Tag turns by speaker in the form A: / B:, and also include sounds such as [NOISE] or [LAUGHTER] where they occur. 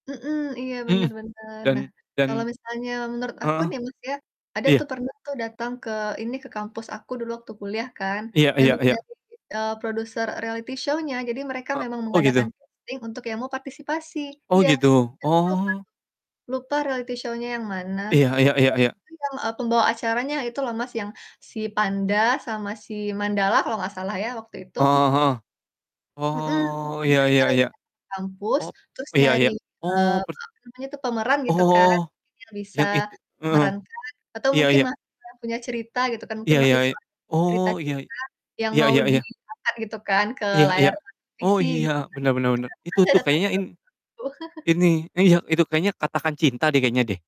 A: Mhm. Iya, bener
B: Mhm,
A: bener.
B: dan
A: Nah, kalo
B: dan
A: misalnya menurut aku
B: heeh.
A: nih, Mas, ya, ada tuh
B: Iya.
A: pernah tuh dateng ke ini, ke kampus aku dulu waktu kuliah kan,
B: Iya iya
A: memang
B: iya.
A: dari, eee, produser reality show-nya. Jadi mereka
B: Ek
A: memang
B: oh,
A: mengadakan
B: gitu?
A: casting untuk yang mau partisipasi.
B: Oh,
A: Iya,
B: gitu,
A: iya, aku lupa
B: oh.
A: tuh, lupa reality show-nya yang mana.
B: Iya iya iya
A: Pokoknya waktu
B: iya.
A: itu yang, eee, pembawa acaranya itu loh, Mas, yang si Panda sama si Mandala kalau nggak salah ya, waktu itu.
B: Heeh heeh.
A: Mhm,
B: Oh,
A: jadi
B: ya
A: mereka
B: ya
A: [UNINTELLIGIBLE]
B: ya.
A: ke kampus,
B: Oh,
A: terus
B: ya
A: nyari,
B: ya.
A: eee,
B: Oh, pert
A: apa namanya tuh, pemeran, gitu kan,
B: Oh,
A: mungkin yang bisa
B: yang itu heeh.
A: memerankan atau
B: Ya
A: mungkin
B: ya.
A: mahasiswa yang punya cerita gitu kan, mungkin
B: Ya
A: masih
B: ya ya.
A: soal cerita
B: Oh, ya.
A: cinta yang
B: Ya
A: mau
B: ya
A: di
B: ya.
A: angkat gitu kan, ke
B: Ya
A: layar
B: ya. Oh,
A: televisi gitu
B: iya, bener bener bener.
A: kan. Itu kan
B: Itu tuh kayaknya
A: [UNINTELLIGIBLE]
B: in
A: tuh. [CHUCKLES]
B: ini iya, itu, kayaknya Katakan Cinta deh, kayaknya deh.